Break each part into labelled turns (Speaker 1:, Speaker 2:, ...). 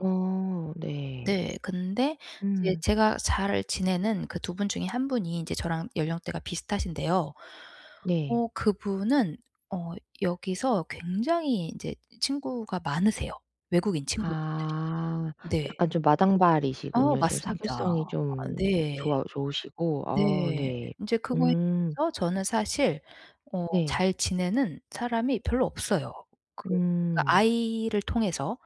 Speaker 1: 어 네.
Speaker 2: 네. 근데 이제
Speaker 1: 음.
Speaker 2: 제가 잘 지내는 그 2 분 중에 1 분이 인제 저랑 연령대가 비슷하신데요.
Speaker 1: 네.
Speaker 2: 어 그분은 어 여기서 굉장히 인제 친구가 많으세요. 외국인 친구분들이.
Speaker 1: 아
Speaker 2: 네.
Speaker 1: 약간 좀
Speaker 2: 어
Speaker 1: 마당발이시군요. 좀
Speaker 2: 맞습니다.
Speaker 1: 사교성이
Speaker 2: 아
Speaker 1: 좀
Speaker 2: 네.
Speaker 1: 좋아 좋으시고. 어
Speaker 2: 네.
Speaker 1: 네.
Speaker 2: 인제 그거에
Speaker 1: 음.
Speaker 2: 비해서 저는 사실 어
Speaker 1: 네.
Speaker 2: 잘 지내는 사람이 별로 없어요. 그 그러니까
Speaker 1: 음.
Speaker 2: 아이를 통해서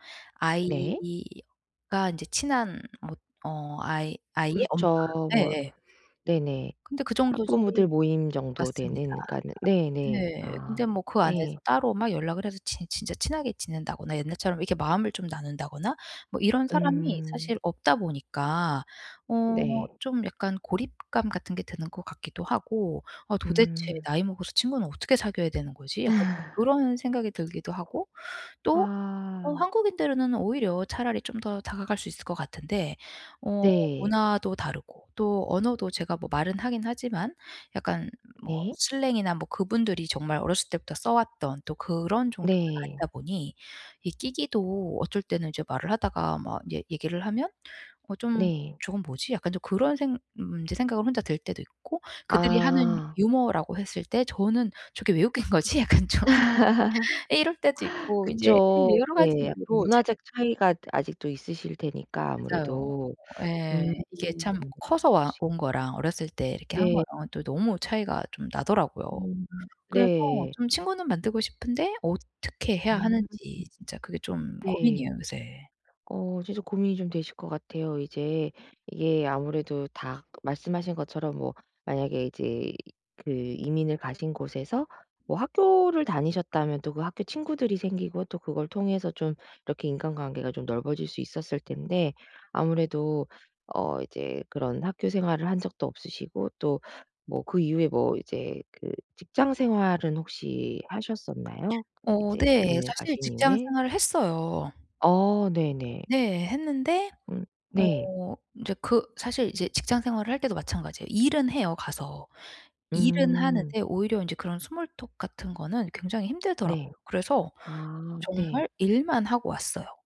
Speaker 1: 네.
Speaker 2: 아이가 인제 친한 뭐 어 아이 아이의 엄마.
Speaker 1: 그렇죠. 뭐
Speaker 2: 예예.
Speaker 1: 네네.
Speaker 2: 근데 그 정도지
Speaker 1: 학부모들 모임 정도
Speaker 2: 맞습니다.
Speaker 1: 되는 그러니까는 네네.
Speaker 2: 네. 근데
Speaker 1: 아
Speaker 2: 뭐 그 안에서
Speaker 1: 네.
Speaker 2: 따로 막 연락을 해서 제 진짜 친하게 지낸다거나 옛날처럼 이렇게 마음을 좀 나눈다거나 뭐 이런 사람이
Speaker 1: 음.
Speaker 2: 사실 없다 보니까 어
Speaker 1: 네.
Speaker 2: 좀 약간 고립감 같은 게 드는 것 같기도 하고 '어 도대체
Speaker 1: 음.
Speaker 2: 나이 먹어서 친구는 어떻게 사귀어야 되는 거지?' 약간 그런 생각이 들기도 하고 또 어
Speaker 1: 아.
Speaker 2: 한국인들은 오히려 차라리 좀 더 다가갈 수 있을 것 같은데 어
Speaker 1: 네.
Speaker 2: 문화도 다르고 또 언어도 제가 뭐 말은 하긴 하지만 약간 뭐
Speaker 1: 네.
Speaker 2: 슬랭이나 뭐 그분들이 정말 어렸을 때부터 써왔던 또 그런 정도는
Speaker 1: 네.
Speaker 2: 아니다 보니 이 끼기도 어쩔 때는 이제 말을 하다가 막 얘 얘기를 하면 '어 좀
Speaker 1: 네.
Speaker 2: 저건 뭐지?' 약간 좀 그런 생 음 이제 생각을 혼자 들 때도 있고 그들이 하는
Speaker 1: 아.
Speaker 2: 유머라고 했을 때 저는 '저게 왜 웃긴 거지?' 약간 좀 이럴 때도 있고 인제 [unintelligible]
Speaker 1: 그쵸.
Speaker 2: 여러 가지
Speaker 1: 네. 약간
Speaker 2: 이유로 제
Speaker 1: 문화적 차이가 아직도 있으실 테니까
Speaker 2: 맞아요.
Speaker 1: 아무래도.
Speaker 2: 어
Speaker 1: 음
Speaker 2: 예. 이게 참 커서 와
Speaker 1: 그러시
Speaker 2: 온 거랑 어렸을 때 이렇게 한
Speaker 1: 네.
Speaker 2: 거랑 또 너무 차이가 좀 나더라고요.
Speaker 1: 음
Speaker 2: 그래서
Speaker 1: 네.
Speaker 2: 좀 친구는 만들고 싶은데 어떻게 해야
Speaker 1: 음
Speaker 2: 하는지 진짜 그게 좀
Speaker 1: 네.
Speaker 2: 고민이에요 요새.
Speaker 1: 어 이제 좀 고민이 좀 되실 것 같아요. 이제 이게 아무래도 다 말씀하신 것처럼 뭐 만약에 이제 그 이민을 가신 곳에서 뭐 학교를 다니셨다면 또 그 학교 친구들이 생기고 또 그걸 통해서 좀 이렇게 인간관계가 좀 넓어질 수 있었을 텐데 아무래도 어 이제 그런 학교생활을 한 적도 없으시고 또 뭐 그 이후에 뭐 이제 그 직장 생활은 혹시 하셨었나요? 그
Speaker 2: 어
Speaker 1: 이제
Speaker 2: 네.
Speaker 1: 이민을
Speaker 2: 사실
Speaker 1: 가신
Speaker 2: 직장
Speaker 1: 이후에?
Speaker 2: 생활을 했어요.
Speaker 1: 어 네네.
Speaker 2: 네. 했는데
Speaker 1: 음 네.
Speaker 2: 어 인제 그 사실 이제 직장 생활을 할 때도 마찬가지예요. 일은 해요 가서. 일은
Speaker 1: 음.
Speaker 2: 하는데 오히려 인제 그런 스몰토크 같은 거는 굉장히 힘들더라고요.
Speaker 1: 네.
Speaker 2: 그래서
Speaker 1: 아
Speaker 2: 정말
Speaker 1: 네.
Speaker 2: 일만 하고 왔어요.